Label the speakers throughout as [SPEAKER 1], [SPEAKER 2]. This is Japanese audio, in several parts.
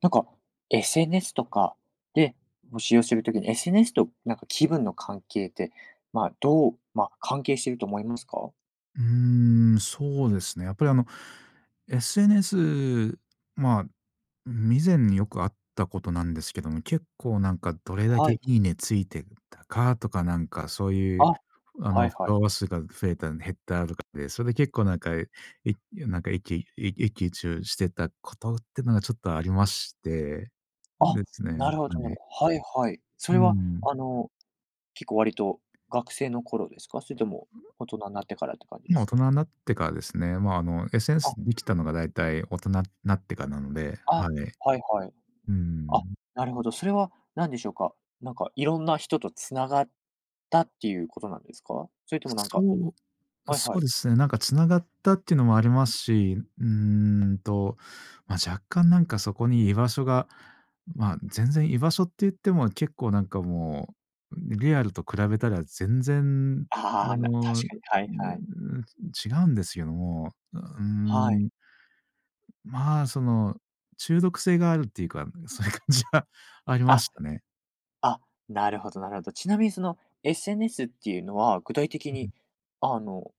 [SPEAKER 1] なんか、SNS とかで募集をするときに、SNS となんか気分の関係って、まあ、どう、ま、関係してると思いますか？
[SPEAKER 2] うーん、そうですね。やっぱりあの、SNS、まあ、未然によくあったことなんですけども、結構なんかどれだけ
[SPEAKER 1] は
[SPEAKER 2] い
[SPEAKER 1] い。
[SPEAKER 2] いねついてたかとか、なんかそういう、
[SPEAKER 1] あ、
[SPEAKER 2] あ
[SPEAKER 1] は
[SPEAKER 2] の、
[SPEAKER 1] い
[SPEAKER 2] フォ
[SPEAKER 1] はい。
[SPEAKER 2] ロワー数が増えた、減ったとかで、それで結構なんか、えいゆなんか、いっきい一喜一憂してたことってのがちょっとありまして、ん、
[SPEAKER 1] あ、
[SPEAKER 2] ですね、
[SPEAKER 1] なるほど、な
[SPEAKER 2] は
[SPEAKER 1] る
[SPEAKER 2] い。
[SPEAKER 1] はいはい。そ
[SPEAKER 2] うー
[SPEAKER 1] れは、
[SPEAKER 2] ん。
[SPEAKER 1] あの、結構割と学生の頃ですか？それとも 大人になってからって感じで
[SPEAKER 2] 今、
[SPEAKER 1] す
[SPEAKER 2] 大人
[SPEAKER 1] か？
[SPEAKER 2] になってからですね、まあ、あの SNS
[SPEAKER 1] あ。
[SPEAKER 2] できたのが大体大人なってかなので、
[SPEAKER 1] あ、
[SPEAKER 2] はい。う
[SPEAKER 1] はいはい。
[SPEAKER 2] ー
[SPEAKER 1] あ、
[SPEAKER 2] ん。
[SPEAKER 1] なるほど、それは何でしょうか。なんか、いろんな人と繋がったっていうことなんですか？それともなん
[SPEAKER 2] そ
[SPEAKER 1] か
[SPEAKER 2] う、う
[SPEAKER 1] はいは
[SPEAKER 2] そう
[SPEAKER 1] い。
[SPEAKER 2] ですね。なんか繋がったっていうのもありますし、うーんと、ま、若干なんかそこに居場所が、まあ、全然居場所って言っても結構なんかもう、ん、リアルと比べたら全然、
[SPEAKER 1] あ
[SPEAKER 2] あ
[SPEAKER 1] あ、な確
[SPEAKER 2] の、
[SPEAKER 1] かに。は いはい。
[SPEAKER 2] 違うんですけども、あ、うー
[SPEAKER 1] はい。
[SPEAKER 2] ん。まあ、その、中毒性があるっていうか、そういう感じはありま
[SPEAKER 1] あ、
[SPEAKER 2] したね。
[SPEAKER 1] あ、なるほどなるほど。ちなみにその SNS っていうのは具体的
[SPEAKER 2] う
[SPEAKER 1] に、
[SPEAKER 2] ん。
[SPEAKER 1] あの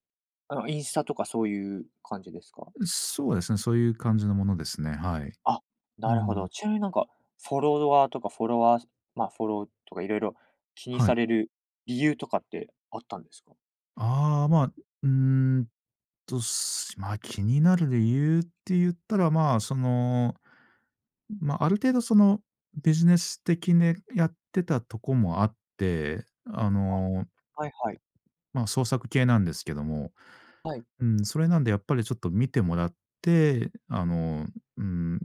[SPEAKER 1] あのインスタとかそういう感じですか？
[SPEAKER 2] うそうですね、そういう感じのものですね。はい。
[SPEAKER 1] あ、
[SPEAKER 2] うー
[SPEAKER 1] なるほ
[SPEAKER 2] ん。
[SPEAKER 1] ど。ちなみになんか、フォロワーとかフォロワーすまあ、フォローとか色々気に
[SPEAKER 2] はい。
[SPEAKER 1] される理由とかってあったんですか？
[SPEAKER 2] あ、ま、うんと、すしま、気になる理由って言ったら、まあ、その、ん、ま、ある程度そのビジネス的ねやってたとこもあって、あ
[SPEAKER 1] あ、
[SPEAKER 2] の
[SPEAKER 1] はいはい。
[SPEAKER 2] まあ、創作系なんですけども。
[SPEAKER 1] はい。
[SPEAKER 2] うん、それなんでやっぱりちょっと見てもらって、あの、ん、ん、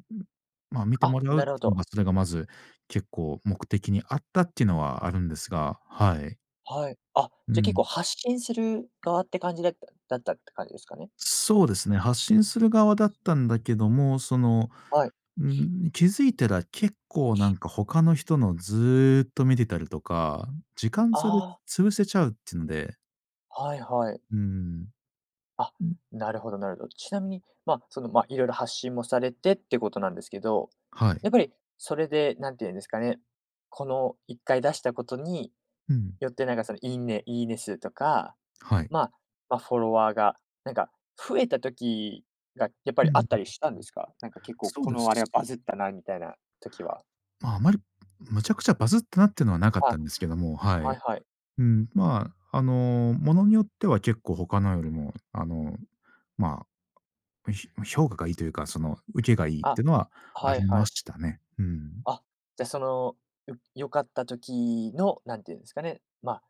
[SPEAKER 2] まあ、見て
[SPEAKER 1] あ、
[SPEAKER 2] もらうっ
[SPEAKER 1] なるほ
[SPEAKER 2] ていうの
[SPEAKER 1] ど。
[SPEAKER 2] が、それがまず結構目的にあったっていうのはあるんですが、はい。
[SPEAKER 1] はい、あ、
[SPEAKER 2] う
[SPEAKER 1] じゃ結
[SPEAKER 2] ん。
[SPEAKER 1] 構発信する側って感じだっただったって感じですかね？
[SPEAKER 2] そうですね、発信する側だっ
[SPEAKER 1] す [unintelligible]
[SPEAKER 2] たんだけども、その、
[SPEAKER 1] はい。
[SPEAKER 2] ん、気づいたら結構なんか他の人のずっと見てたりとか、時間差で
[SPEAKER 1] ああ。
[SPEAKER 2] 潰せちゃうっつので。
[SPEAKER 1] はいはい。
[SPEAKER 2] うーん、
[SPEAKER 1] あ、
[SPEAKER 2] う
[SPEAKER 1] なるほどなるほど。ちなみに、ま、その、ま、いろいろ発信もされてってことなんですけど、
[SPEAKER 2] はい。
[SPEAKER 1] やっぱりそれで何て言うんですかね、この1回出したことに
[SPEAKER 2] うん。
[SPEAKER 1] よってなんかそのいいねいいね数とか、
[SPEAKER 2] はい。
[SPEAKER 1] まあ、ま、フォロワーがなんか増えた時がやっぱ
[SPEAKER 2] う
[SPEAKER 1] り
[SPEAKER 2] ん。
[SPEAKER 1] あっ
[SPEAKER 2] ん。
[SPEAKER 1] たりしたんですか？なんか結構
[SPEAKER 2] そう
[SPEAKER 1] こ
[SPEAKER 2] で
[SPEAKER 1] のあれは
[SPEAKER 2] す。
[SPEAKER 1] バズったなみたいな時は。
[SPEAKER 2] あま、あまりむちゃくちゃバズってなってのはなかった
[SPEAKER 1] あ、
[SPEAKER 2] んですけども、は
[SPEAKER 1] はい
[SPEAKER 2] い。
[SPEAKER 1] はい。
[SPEAKER 2] うん。ま、あの、物によっては結構他のよりも、あの、まあ、うひうひょ評価がいいというか、そのウケがいいっ
[SPEAKER 1] あ、
[SPEAKER 2] ていうのはあ
[SPEAKER 1] は
[SPEAKER 2] り
[SPEAKER 1] いは
[SPEAKER 2] ま
[SPEAKER 1] い。
[SPEAKER 2] したね。うーん。
[SPEAKER 1] あ、じゃ、その、よ良かった時の、なんて言うんですかね、まあ、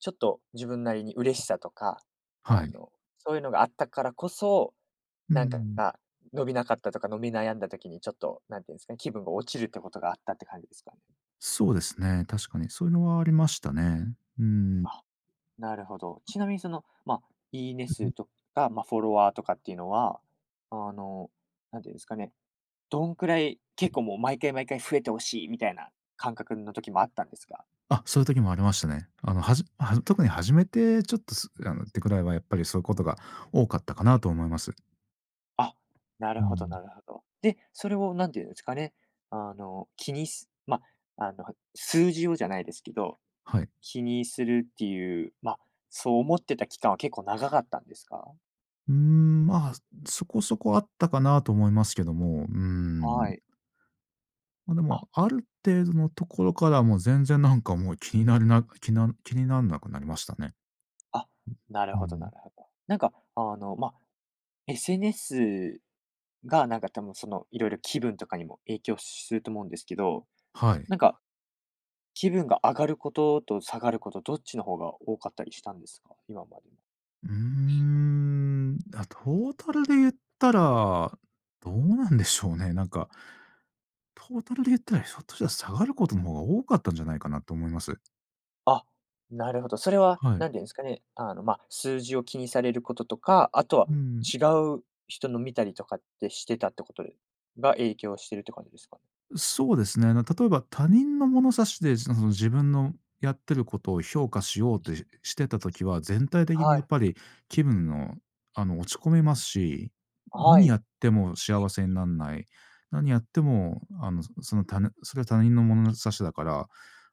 [SPEAKER 1] ちょっと自分なりに嬉しさとか、
[SPEAKER 2] は
[SPEAKER 1] あ
[SPEAKER 2] い。
[SPEAKER 1] の、そういうのがあったからこそ、
[SPEAKER 2] うー
[SPEAKER 1] なんか
[SPEAKER 2] ん。
[SPEAKER 1] ら、伸びなかったとか、伸び悩んだ時にちょっと、何て言うんすかね、気分が落ちるってことがあったって感じですか？
[SPEAKER 2] そうですね、確かに。そういうのはありましたね。うん。
[SPEAKER 1] あ、なるほど。ちなみにその、ま、いいね数 とか、ま、フォロワーとかっていうのは、あの、なんて言うんですかね、どんくらい、結構もう毎回毎回増えて欲しいみたいな感覚の時もあったんですか？
[SPEAKER 2] あ、そういう時もありましたね。あの、はじあ、はず特に始めてちょっと、すあのってくらいはやっぱりそういうことが多かったかなと思います。
[SPEAKER 1] あ、なる
[SPEAKER 2] う
[SPEAKER 1] ほどな
[SPEAKER 2] ん。
[SPEAKER 1] るほど。で、それを何て言うんですかね、あの、気にすま、あの、ふ数字をじゃないですけど、
[SPEAKER 2] はい。
[SPEAKER 1] 気にするっていう、ま、そう思ってた期間は結構長かったんですか？
[SPEAKER 2] うーん、ま、すそこそこあったかなと思いますけども、うー
[SPEAKER 1] は
[SPEAKER 2] ん。
[SPEAKER 1] い。
[SPEAKER 2] ま、で
[SPEAKER 1] あ
[SPEAKER 2] もある程度のところからもう、全然なんかもう気になるなきな気になんなくなりましたね。
[SPEAKER 1] あ、なる
[SPEAKER 2] うう
[SPEAKER 1] ほどな
[SPEAKER 2] ん。
[SPEAKER 1] るほど。なんかあの、ま、SNS がなんかたむ、その、色々気分とかにも影響すると思うんですけど、
[SPEAKER 2] はい。
[SPEAKER 1] なんか、気分が上がることと下がること、どっちの方が多かったりしたんですか？今も。
[SPEAKER 2] うーん。あ、トータルで言ったら、どうなんでしょうね。なんかトータルで言ったら、ひょっとしたら下がることの方が多かったんじゃないかなと思います。
[SPEAKER 1] あ、なるほど。それは
[SPEAKER 2] はい。
[SPEAKER 1] 何て言うんすかね、あの、ま、数字を気にされることとか、あとは
[SPEAKER 2] うーん。
[SPEAKER 1] 違う人の見たりとかってしてたってことえが影響してるって感じですか？
[SPEAKER 2] う、そうですね。あの、例えば他人の物差しで、その自分のやってることを評価しようってしてた時は、全体的に
[SPEAKER 1] は
[SPEAKER 2] や
[SPEAKER 1] い。
[SPEAKER 2] っぱり気分のあの、落ち込みますし、
[SPEAKER 1] あ、は
[SPEAKER 2] にや
[SPEAKER 1] い。
[SPEAKER 2] っても幸せになんない。何やってもあの、その、たぬそれは他人の物差しだから、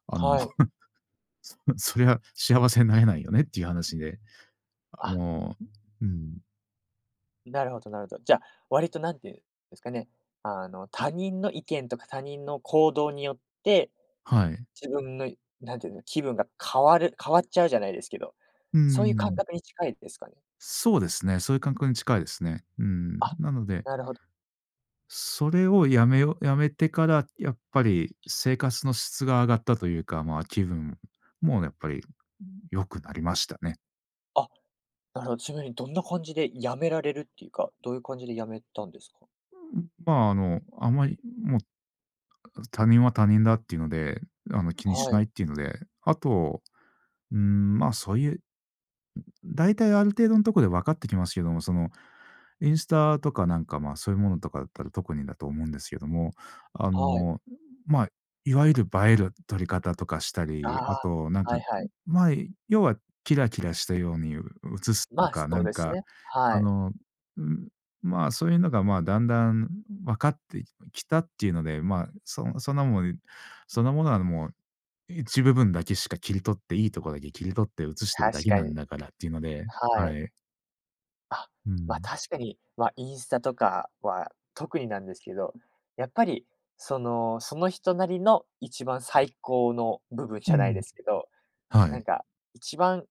[SPEAKER 2] あの、
[SPEAKER 1] はい。
[SPEAKER 2] そそれは幸せになれないよねっていう話で、あ
[SPEAKER 1] あ
[SPEAKER 2] の、うーん。
[SPEAKER 1] なるほど、なるど。じゃ、割と何て言うんですかね、あの、他人の意見とか他人の行動によって、
[SPEAKER 2] はい。
[SPEAKER 1] 自分のい何て言うの、気分が変わる変わっちゃうじゃないですけど、
[SPEAKER 2] うん、
[SPEAKER 1] そ
[SPEAKER 2] う
[SPEAKER 1] ういう
[SPEAKER 2] う
[SPEAKER 1] 感
[SPEAKER 2] ん。
[SPEAKER 1] 覚に近いですかね？
[SPEAKER 2] そうですね、そういうかんくに近いですね。うん。
[SPEAKER 1] あ、
[SPEAKER 2] なので
[SPEAKER 1] なるほど。
[SPEAKER 2] それをやめようやめてからやっぱり生活の質が上がったというか、ま、気分もやっぱり、うん、良くなりましたね。
[SPEAKER 1] あ、なるほちまりどんな感じで止められるっていうか、どういう感じで止めたんですか？
[SPEAKER 2] うん、ま、あの、あんまり、ん、もう、あ、他人は他人だっていうので、あの、気にし
[SPEAKER 1] は
[SPEAKER 2] な
[SPEAKER 1] い。
[SPEAKER 2] いっていうので、あと、うん、ま、そういう、ん、大体ある程度んとこで分かってきますけども、そのインスタとかなんか、ま、そういうものとかだったら特にだと思うんですけども、あ
[SPEAKER 1] はい。
[SPEAKER 2] の、ま、いわゆる映える撮り方とかしたり、あ
[SPEAKER 1] ああ、
[SPEAKER 2] となんか、
[SPEAKER 1] はい
[SPEAKER 2] う
[SPEAKER 1] はい。
[SPEAKER 2] ま、い要はキラキラしたように、う映す、う
[SPEAKER 1] ま、そ
[SPEAKER 2] か、な
[SPEAKER 1] う
[SPEAKER 2] ん
[SPEAKER 1] です
[SPEAKER 2] か、
[SPEAKER 1] ね、は
[SPEAKER 2] あ
[SPEAKER 1] い。
[SPEAKER 2] の、うん、ま、そういうのが、ま、だんだん、うん、う分かって、ききたっていうので、ま、そそんなもん、そんなものはもう、一部分だけしか切り取って、いいとこだけ切り取って映してる
[SPEAKER 1] 確
[SPEAKER 2] だけ
[SPEAKER 1] か
[SPEAKER 2] なん
[SPEAKER 1] に。
[SPEAKER 2] だからっていうので、
[SPEAKER 1] は
[SPEAKER 2] は
[SPEAKER 1] い。
[SPEAKER 2] い。
[SPEAKER 1] あ、
[SPEAKER 2] う
[SPEAKER 1] ま、
[SPEAKER 2] ん。
[SPEAKER 1] 確かに。ま、インスタとかは特になんですけど、やっぱり、その、その人なりの一番最高の部分じ
[SPEAKER 2] う
[SPEAKER 1] ゃないで
[SPEAKER 2] ん。
[SPEAKER 1] すけど。
[SPEAKER 2] は
[SPEAKER 1] なん
[SPEAKER 2] い。
[SPEAKER 1] か一番、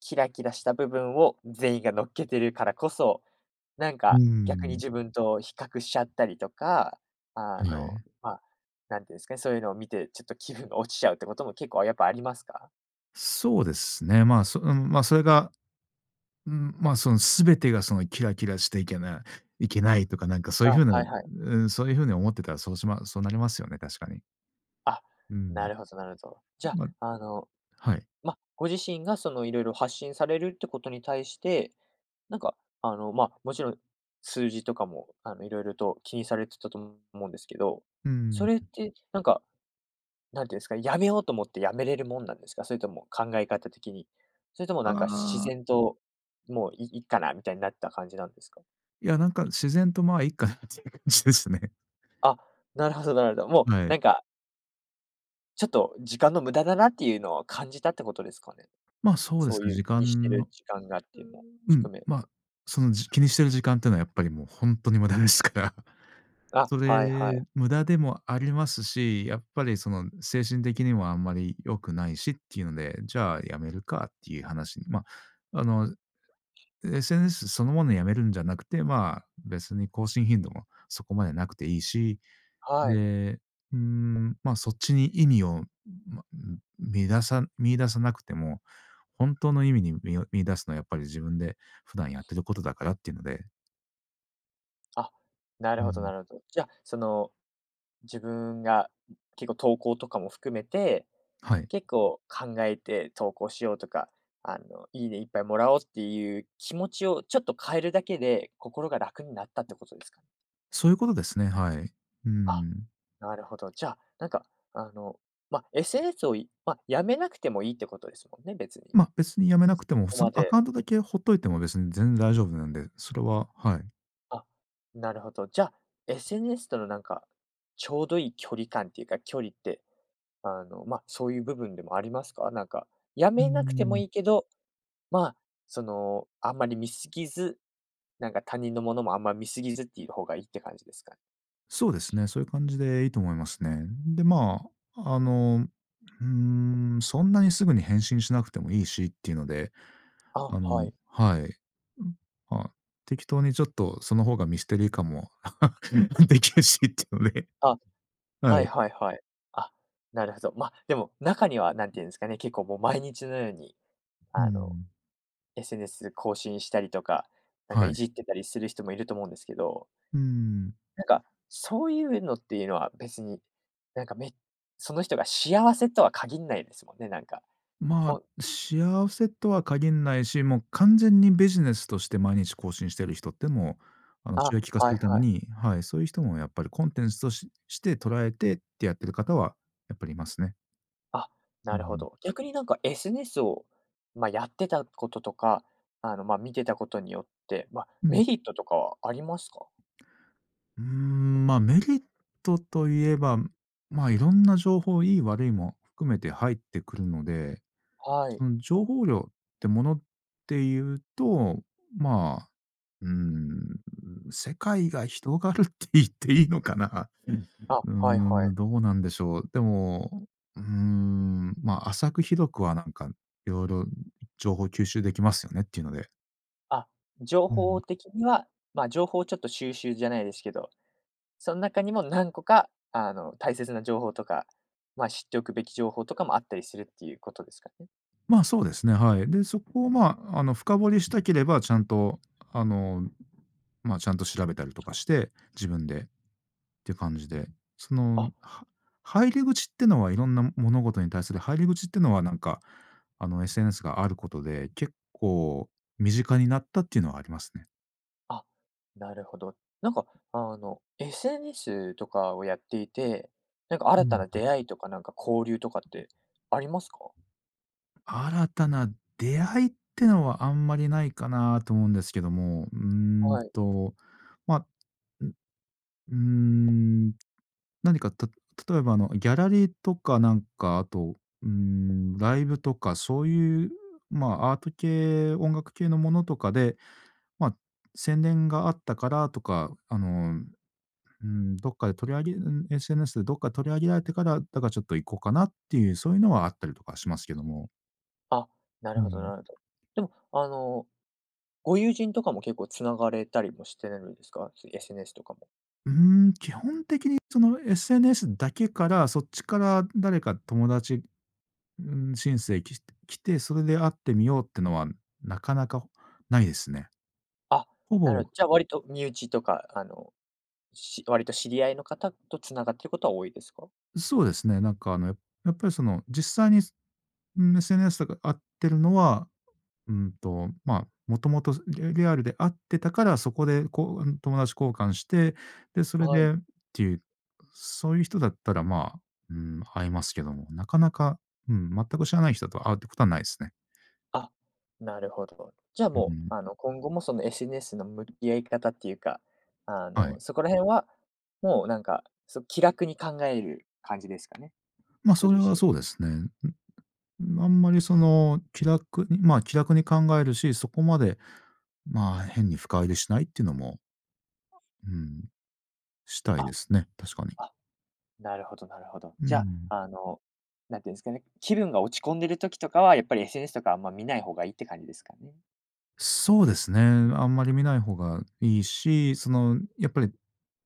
[SPEAKER 1] キラキラした部分を全員が乗っけてるからこそ、なん
[SPEAKER 2] う
[SPEAKER 1] か逆に
[SPEAKER 2] ん。
[SPEAKER 1] 自分と比較しちゃったりとか、あ
[SPEAKER 2] は
[SPEAKER 1] の、
[SPEAKER 2] い。
[SPEAKER 1] ま、なんて言うんすかね、そういうのを見て、ちょっと気分が落ちちゃうってことも結構やっぱありますか？
[SPEAKER 2] そうですね。ま、そ、うん、まあ、それが、うん、ま、その全てがそのキラキラしていけないけないとか、なんかそういう
[SPEAKER 1] あ、
[SPEAKER 2] 風
[SPEAKER 1] は
[SPEAKER 2] な、
[SPEAKER 1] いはい。
[SPEAKER 2] うん、そういう風に思ってたらそうしまそうなりますよね、確かに。
[SPEAKER 1] あ、
[SPEAKER 2] う
[SPEAKER 1] な
[SPEAKER 2] ん。
[SPEAKER 1] るほどなるほど。じゃ、
[SPEAKER 2] ま
[SPEAKER 1] あの、
[SPEAKER 2] はい。
[SPEAKER 1] ま、ご自身がその、いろいろ発信されるってことに対して、なんか、あの、ま、もちろん、数字とかも、あの、色々と気にされてたと思うんですけど、
[SPEAKER 2] う
[SPEAKER 1] そ
[SPEAKER 2] ん。
[SPEAKER 1] れってなんか、なんていうんですかね、辞めようと思って辞めれるもんなんですか？それとも考え方的に。それとも
[SPEAKER 2] あ
[SPEAKER 1] なんか自
[SPEAKER 2] あ。
[SPEAKER 1] 然と、もういいっかなみたいになった感じなんですか？
[SPEAKER 2] いや、なんか、自然と、ま、いっかなって感じですね。
[SPEAKER 1] あ、なるほどなるほど。もう
[SPEAKER 2] はい。
[SPEAKER 1] なんかちょっと、時間の無駄だなっていうのを感じたってことですかね。
[SPEAKER 2] ま、そうで
[SPEAKER 1] そ
[SPEAKER 2] す
[SPEAKER 1] う
[SPEAKER 2] ね、
[SPEAKER 1] いう
[SPEAKER 2] 時
[SPEAKER 1] 気にして
[SPEAKER 2] 間
[SPEAKER 1] る
[SPEAKER 2] の
[SPEAKER 1] 時間がっていうのを
[SPEAKER 2] うん、
[SPEAKER 1] 含め。
[SPEAKER 2] ま、そのじ気にしてる時間っていうのはやっぱりもうほんとに無駄ですから。
[SPEAKER 1] あ、
[SPEAKER 2] そ
[SPEAKER 1] はいはい。
[SPEAKER 2] れ、無駄でもありますし、やっぱりその精神的にもあんまり良くないしっていうので、じゃあ辞めるかっていう話にま、あの、SNS そのものやめるんじゃなくて、まあ、別に更新頻度もそこまでなくていいし、
[SPEAKER 1] はい。
[SPEAKER 2] で、うん、ま、そっちに意にを、ん、ま、ん、みださ見いださなくても、本当の意味に、みを見出すのはやっぱり自分で普段やってることだからっていうので。
[SPEAKER 1] あ、な
[SPEAKER 2] う
[SPEAKER 1] るほど、な
[SPEAKER 2] ん。
[SPEAKER 1] るど。じゃあ、その、自分が、う結構投稿とかも含めて、
[SPEAKER 2] はい。
[SPEAKER 1] 結構考えて投稿しようとか、あの、いいねいっぱいもらおうっていう気持ちをちょっと変えるだけで、心が楽になったってことですか？
[SPEAKER 2] そういうことですね、はい。う
[SPEAKER 1] あ、
[SPEAKER 2] ん。
[SPEAKER 1] なるほど。じゃあ、なんかあの、ま、SNS を、いま、止めなくてもいいってことですもんね、別に。
[SPEAKER 2] ま、別に止めなくて
[SPEAKER 1] そ
[SPEAKER 2] も、
[SPEAKER 1] こ
[SPEAKER 2] その
[SPEAKER 1] ま
[SPEAKER 2] ア
[SPEAKER 1] で。
[SPEAKER 2] カウントだけほっといても別にぜん大丈夫なんで、それは、はい。
[SPEAKER 1] あ、なるほど。じゃあ、SNS とのなんか、ちょうどいい距離感っていうか、距離って、あの、まあ、そういう部分でもありますか？なんか、止
[SPEAKER 2] うー
[SPEAKER 1] めなくても
[SPEAKER 2] ん。
[SPEAKER 1] いいけど、まあ、その、あんまり見過ぎず、なんか他人のものもあんま見過ぎずっていう方がいいって感じですか？
[SPEAKER 2] そうですね、そういう感じでいいと思いますね。で、まあ、あの、うーん、そんなにすぐに返信しなくてもいいしっていうので、
[SPEAKER 1] あ、
[SPEAKER 2] あの
[SPEAKER 1] はい。
[SPEAKER 2] はい。うん、まあ、適当にちょっとその方がミステリー感も、できるしっていうので。
[SPEAKER 1] あ、
[SPEAKER 2] は
[SPEAKER 1] はい
[SPEAKER 2] い。
[SPEAKER 1] はいはい。あ、なるへぞ。ま、でも中には何て言うんすかね、結構もう毎日のように、
[SPEAKER 2] うー
[SPEAKER 1] あの。
[SPEAKER 2] ん。
[SPEAKER 1] SNS 更新したりとか、なんか
[SPEAKER 2] は
[SPEAKER 1] い
[SPEAKER 2] い。
[SPEAKER 1] じってたりする人もいると思うんですけど
[SPEAKER 2] うーん。
[SPEAKER 1] なんか、そういうのっていうのは別に、なんかめその人が幸せとは限んないですもんね、なんか。
[SPEAKER 2] ま
[SPEAKER 1] ほ
[SPEAKER 2] あ、幸せとは限んないし、もう完全にビジネスとして毎日更新してる人ってもう、あの、収
[SPEAKER 1] あ、
[SPEAKER 2] 益化す
[SPEAKER 1] は
[SPEAKER 2] る
[SPEAKER 1] い
[SPEAKER 2] ため
[SPEAKER 1] はい。
[SPEAKER 2] にはい、そういう人もやっぱりコンテンツとしして捉えてってやってる方はやっぱりいますね。
[SPEAKER 1] あ、
[SPEAKER 2] う
[SPEAKER 1] なるほ
[SPEAKER 2] ん。
[SPEAKER 1] ど。逆になんかSNSを、ま、やってたこととか、あの、ま、見てたことによって、ま、
[SPEAKER 2] うん。
[SPEAKER 1] メリットとかはありますか？
[SPEAKER 2] うーん、ま、メリットと言えば、ま、いろんな情報、いい悪いも含めて入ってくるので、
[SPEAKER 1] はい。
[SPEAKER 2] その情報量ってものっていうと、ま、うん、世界が広がるって言っていいのかな。
[SPEAKER 1] あ、
[SPEAKER 2] うー
[SPEAKER 1] はいはい。
[SPEAKER 2] ん、どうなんでしょう。でも、うーん、ま、浅く広くはなんか色々情報吸収できますよねっていうので。
[SPEAKER 1] あ、情
[SPEAKER 2] うん。
[SPEAKER 1] 報的にはま、情報をちょっと収集じゃないですけど、その中にも何個か、あの大切な情報とか、ま、知っておくべき情報とかもあったりするっていうことですかね？
[SPEAKER 2] ま、そうですね、はい。で、そこを、ま、あの、深掘りしたければ、ちゃんと、あの、ま、ちゃんと調べたりとかして、自分でって感じで、その、
[SPEAKER 1] あ。
[SPEAKER 2] は入り口ってのは色んな、ん、物事に対する入り口ってのは、なんかあの SNS があることで、結構身近になったっていうのはありますね。
[SPEAKER 1] あ、なるほど。なんか、あの、SNS とかをやっていて、なんか
[SPEAKER 2] う
[SPEAKER 1] 新
[SPEAKER 2] ん
[SPEAKER 1] たな
[SPEAKER 2] うん。
[SPEAKER 1] 出会いとか、なんか、交流とかってありますか？
[SPEAKER 2] 新たな出会いってのはあんまりないかなと思うんですけども、うん
[SPEAKER 1] はい。
[SPEAKER 2] と、ま、ん、うーん、何か、た例えばあのギャラリーとかなんか、あと、うーん、ライブとかそういう、ま、アート系、音楽系のものとかで、ま、宣伝があったからとか、あの、うん、どっかで取り上げん、SNS でどっか取り上げられてから、だからちょっと行こうかなっていう、そういうのはあったりとかしますけども。
[SPEAKER 1] あ、な
[SPEAKER 2] う
[SPEAKER 1] るほど
[SPEAKER 2] ん。
[SPEAKER 1] なるほど。でも、あの、ご友人とかも結構繋がれたりもしてるんですか？SNS とかも。
[SPEAKER 2] うーん、基本的にその SNS だけから、そっちから誰か友達、ん、申請き来て、それで会ってみようってのはなかなかないですね。
[SPEAKER 1] あ、
[SPEAKER 2] ほ
[SPEAKER 1] なるほど、
[SPEAKER 2] ぼ
[SPEAKER 1] じゃ、割と身内とか、あの、し割と知り合いの方と繋がってることは多いですか？
[SPEAKER 2] そうですね。なんか、あの、ややっぱりその実際に、ん、SNS とか会ってるのは、うんと、ま、もともと、リリアルで会ってたから、そこでこう、ん、友達交換して、で、それ
[SPEAKER 1] はい。
[SPEAKER 2] でっていう、そういう人だったら、ま、うん、会いますけども。なかなか、うん、全く知らない人だと会うってことはないですね。
[SPEAKER 1] あ、なるほど。じゃ、
[SPEAKER 2] うう
[SPEAKER 1] もう、
[SPEAKER 2] ん。
[SPEAKER 1] あの、今後もその SNS の向き合い方っていうか、あ
[SPEAKER 2] はい。
[SPEAKER 1] の、そこら辺は、もうなんか、そ気楽に考える感じですかね、
[SPEAKER 2] ま、
[SPEAKER 1] ご
[SPEAKER 2] それ
[SPEAKER 1] 自
[SPEAKER 2] は
[SPEAKER 1] 身
[SPEAKER 2] そ
[SPEAKER 1] は。
[SPEAKER 2] うですね。ん、うん、あんまりその気楽にま、気楽に考えるし、そこまで、まあ、変に深入りしないっていうのも。うん。したいで
[SPEAKER 1] あ
[SPEAKER 2] すね、確かに。
[SPEAKER 1] あ、なるほどなるほど。
[SPEAKER 2] う
[SPEAKER 1] じゃ、
[SPEAKER 2] ん。
[SPEAKER 1] あの、なんて言うんですかね、気分が落ち込んでる時とかはやっぱり SNS とかあんま見ない方がいいって感じですかね。
[SPEAKER 2] そうですね。あんまり見ない方がいいし、その、やっぱり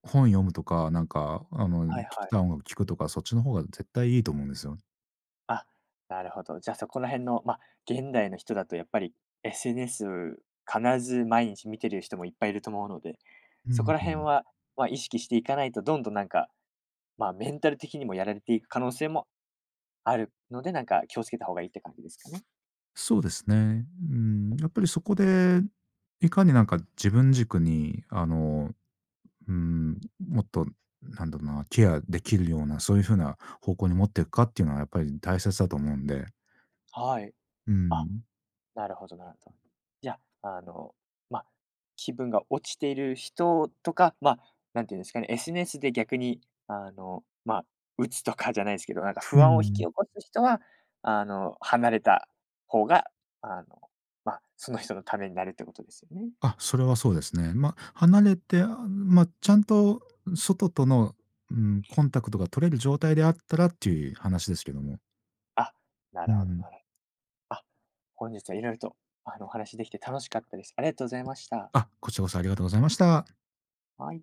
[SPEAKER 2] 本読むとか、なんかあの、
[SPEAKER 1] は
[SPEAKER 2] 聴
[SPEAKER 1] い、は
[SPEAKER 2] き
[SPEAKER 1] い。
[SPEAKER 2] たい音楽聴くとか、そっちの方が絶対いいと思うんですよ。
[SPEAKER 1] あ、なるほど。じゃ、そこら辺の、ま、現代の人だとやっぱり SNS 必ず毎日見てる人もいっぱいいると思うので、
[SPEAKER 2] う
[SPEAKER 1] そ
[SPEAKER 2] ん
[SPEAKER 1] こら
[SPEAKER 2] う
[SPEAKER 1] 辺
[SPEAKER 2] ん。
[SPEAKER 1] は、ま、意識していかないとどんどんなんか、ま、メンタル的にもやられていく可能性もあるので、なんか気を付けた方がいいって感じですかね？
[SPEAKER 2] そうですね。ん、やっぱりそこで、いかになんか自分軸に、あの、うーん、もっとなんだろうな、ケアできるような、そういう風な方向に持っていくかっていうのは、やっぱり大切だと思うんで。
[SPEAKER 1] はい。
[SPEAKER 2] う
[SPEAKER 1] あ、
[SPEAKER 2] ん。
[SPEAKER 1] なるほど、なるど。じゃ、あの、ま、気分が落ちている人とか、ま、なんて言うんですかね、SNSで逆に、あの、まあ、鬱とかじゃないすけど、なんか
[SPEAKER 2] う
[SPEAKER 1] 不安を引き
[SPEAKER 2] ん。
[SPEAKER 1] 起こす人は、あの、離れた方が、あの、ま、その人のためになるってことですよね？
[SPEAKER 2] あ、それはそうですね。ま、離れて、あ、ま、ちゃんと外との、うん、コンタクトが取れる状態であったらっていう話ですけども。
[SPEAKER 1] あ、な
[SPEAKER 2] うん
[SPEAKER 1] る
[SPEAKER 2] う
[SPEAKER 1] ほど、
[SPEAKER 2] ん。
[SPEAKER 1] なろあ、本日は色々と、あの、お話しできて楽しかったです。ありがとうございました。
[SPEAKER 2] あ、こっちこそありがとうございました。
[SPEAKER 1] はい。